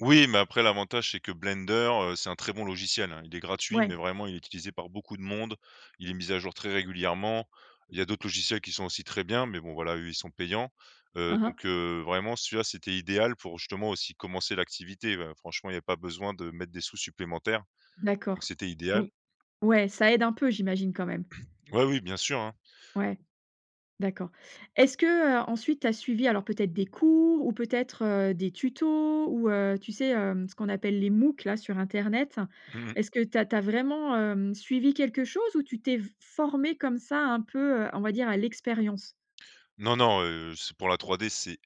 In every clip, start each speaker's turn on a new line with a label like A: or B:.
A: Oui, mais après l'avantage, c'est que Blender, heu, c'est un très bon logiciel, hein. Il est gratuit,
B: Ouais.
A: mais vraiment il est utilisé par beaucoup de monde, il est mis à jour très régulièrement. Il y a d'autres logiciels qui sont aussi très bien, mais bon voilà, eux ils sont payants, heu,
B: Hein, hein.
A: donc heu, vraiment, celui-là, c'était idéal pour justement aussi commencer l'activité. Bah franchement, il y a pas besoin de mettre des sous supplémentaires, donc
B: D'accord.
A: c'était
B: Mmh,
A: idéal.
B: ouais, ça aide un peu, j'imagine, quand même?
A: Ouais, oui, bien sûr, hein.
B: Ouais, d'accord. Est-ce qu'ensuite tu as suivi alors peut-être des cours ou peut-être, heu, des tutos ou heu, tu sais? Hem, ce qu'on appelle les moocs là sur internet?
A: Mmh mh.
B: Est-ce que tu as tu as vraiment, hem, suivi quelque chose ou tu t'es f formé comme ça un peu, heu, on va dire à l'expérience?
A: Non, non, heu, c'est pour la 3D c'est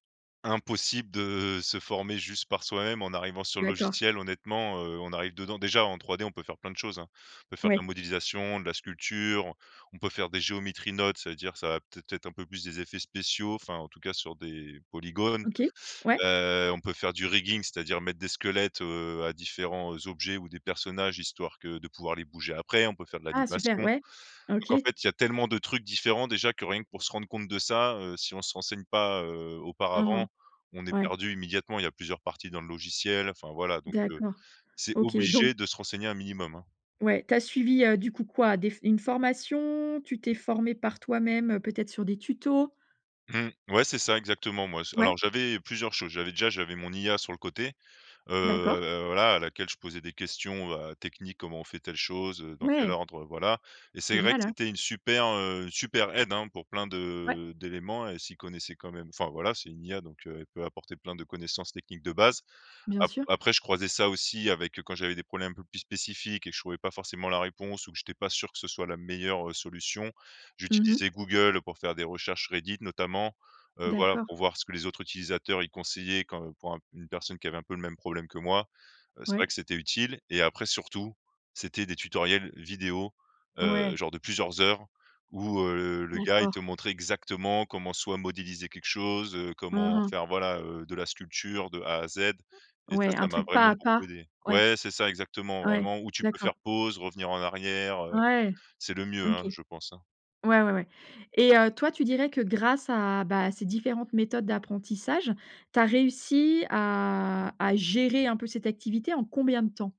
A: impossible de, heu, se former juste par soi-même en arrivant sur le
B: D'accord.
A: logiciel. Honnêtement, heu, on arrive dedans déjà en 3D on peut faire plein de choses, hein. On peut faire de la
B: Ouais.
A: modélisation, de la sculpture, on on peut faire des geometry nodes ça veut dire, ça va peut-être, être un peu plus des effets spéciaux, enfin en tout cas sur des polygones,
B: OK, ouais.
A: heu, on peut faire du rigging c'est-à-dire mettre des squelettes, heu, à différents, heu, objets ou des personnages histoire que de pouvoir les bouger après. On peut faire de
B: Ah,
A: l'animation,
B: super, ouais,
A: donc en
B: OK.
A: fait il y a tellement de trucs différents déjà que rien que pour se rendre compte de ça, heu, si on se renseigne pas, heu,
B: Mmh mh.
A: auparavant, on est
B: Ouais.
A: perdu immédiatement. Il y a plusieurs parties dans le logiciel, enfin voilà donc heu,
B: D'accord,
A: c'est
B: OK, donc
A: obligé de se renseigner un minimum, hein.
B: Ouais, tu as suivi, heu, du coup, quoi? Des une formation? Tu t'es formé par toi-même, heu, peut-être sur des tutos?
A: Mmh, ouais c'est ça exactement, moi alors
B: Ouais.
A: j'avais plusieurs choses, j'avais déjà j'avais mon IA sur le côté,
B: D'accord.
A: heu, voilà à laquelle je posais des questions, heu, techniques: «Comment on fait telle chose, heu, dans quel
B: Ouais.
A: ordre, heu voilà.» et c'est vrai
B: Génial,
A: que
B: ouais.
A: c'était une super, heu super aide hein, pour plein
B: Ouais.
A: de d'éléments, elle s'y connaissait quand même. Enfin voilà c'est une IA donc heu, elle peut apporter plein de connaissances techniques de base.
B: Bien
A: Ap
B: sûr.
A: après je croisais ça aussi avec quand j'avais des problèmes un peu plus spécifiques et que je trouvais pas forcément la réponse ou que j'étais pas sûr, heu, que ce soit la meilleure, heu, solution.
B: Mmh mh.
A: J'utilisais Google, heu, pour faire des recherches Reddit notamment, heu, voilà.
B: D'accord.
A: Pour voir ce que les autres utilisateurs, ils conseillaient quand pour une personne qui avait un peu le même problème que moi, heu, c'est vrai
B: Ouais.
A: que c'était utile et après surtout, c'était des tutoriels vidéos, heu,
B: Ouais.
A: genre de plusieurs heures où, heu, le gars il te
B: D'accord.
A: montrait exactement comment soit modéliser quelque chose, heu,
B: Mmh
A: comment
B: mh.
A: faire voilà, heu, de la sculpture de a à z, et ça,
B: Ouais, un
A: ça m'a
B: truc
A: vraiment
B: pas à
A: beaucoup
B: pas.
A: aidé
B: Ouais,
A: ouais c'est ça exactement,
B: ouais,
A: vraiment où tu peux
B: d'accord.
A: faire pause, revenir en arrière, heu,
B: Ouais,
A: c'est le mieux,
B: OK.
A: hein, je pense, hein.
B: Ouais, ouais, ouais, et heu, toi tu dirais que grâce à bah à ces différentes méthodes d'apprentissage, tu as réussi à à gérer un peu cette activité en combien de temps?